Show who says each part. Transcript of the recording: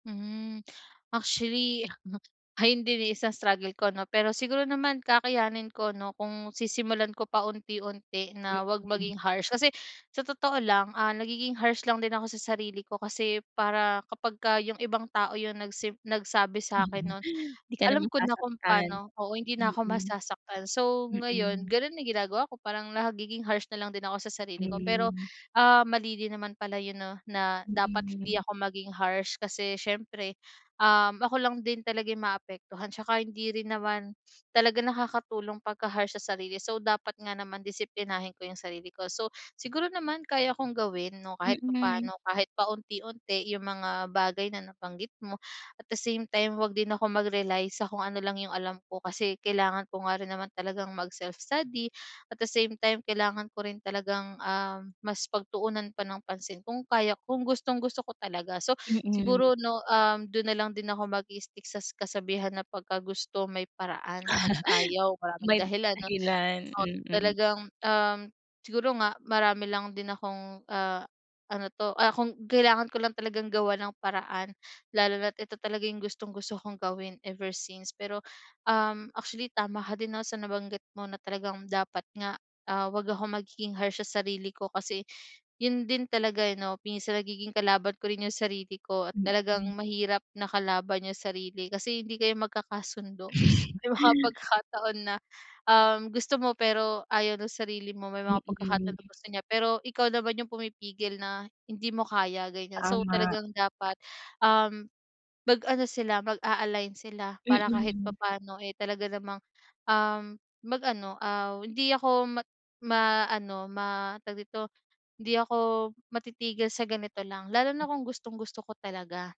Speaker 1: Mhm. Actually, ayun din eh, isang struggle ko, 'no? Pero siguro naman kakayanin ko 'no? Kung sisimulan ko paunti-unti na huwag
Speaker 2: Mm.
Speaker 1: maging harsh. Kasi sa totoo lang, ah, nagiging harsh lang din ako sa sarili ko kasi para kapag ka 'yong ibang tao 'yong nagsim nagsabi sa'kin no'n.
Speaker 2: 'Di ka na
Speaker 1: Alam ko na kung
Speaker 2: masasaktan.
Speaker 1: pa'no oo, hindi na'ko masasaktan. So ngayon
Speaker 2: Mm.
Speaker 1: gano'n na 'yong ginagawa ko. Parang nagiging harsh na lang din ako sa sarili ko. Pero,
Speaker 2: Hmm.
Speaker 1: ah, mali din naman pala 'yon 'no? Na dapat hindi
Speaker 2: Mm.
Speaker 1: ako maging harsh. Kasi siyempre, um, ako lang din talaga 'yong maapektuhan. 'Tsaka hindi rin naman talaga nakakatulong pagka harsh sa sarili. So, dapat nga naman disiplinahin ko 'yong sarili ko. So siguro naman kaya kong gawin 'no, kahit
Speaker 2: Mm.
Speaker 1: papano, kahit paunti-unti 'yong mga bagay na nabanggit mo. At the same time huwag din ako mag-rely sa kung ano lang 'yong alam ko. Kasi kailangan ko nga rin naman talagang mag-self-study. At the same time kailangan ko rin talagang, ah, mas pagtuunan pa ng pansin kung kaya kung gustong-gusto ko talaga. So,
Speaker 2: Mm.
Speaker 1: siguro 'no, um, do'n na lang din ako mag-i-stick sa kas kasabihan na, "Pagka gusto may paraan, 'pag ayaw maraming
Speaker 2: May
Speaker 1: dahilan." 'No?
Speaker 2: dahilan.
Speaker 1: Ot
Speaker 2: Mm.
Speaker 1: talagang, um, siguro nga marami lang din akong ah, ano 'to? Ah kung kailangan ko lang talagang gawan ng paraan. Lalo na't ito talaga 'yong gustong-gusto kong gawin ever since. Pero um, actually tama ka din 'no, sa nabanggit mo na talagang dapat nga, ah, huwag akong magiging harsh sa sarili ko kasi, 'yon din talaga, eh, 'no? Minsan nagiging kalaban ko rin 'yong sarili ko at talagang
Speaker 2: Mm.
Speaker 1: mahirap na kalaban 'yong sarili kasi hindi kayo magkakasundo. May mga pagkakataon na, um, gusto mo, pero ayaw ng sarili mo. May mga pagkakataon
Speaker 2: Mm.
Speaker 1: na gusto niya, pero ikaw naman 'yong pumipigil na, "Hindi mo kaya." Ganyan. So
Speaker 2: Tama.
Speaker 1: talagang dapat, um, mag-ano sila mag-a-align sila. Para kahit
Speaker 2: Mm.
Speaker 1: papano eh, talaga namang, um, mag ano aw, hindi ako ma ma ano ma tawag dito? Hindi ako matitigil sa ganito lang. Lalo
Speaker 2: Hmm.
Speaker 1: na kung gustong-gusto ko talaga.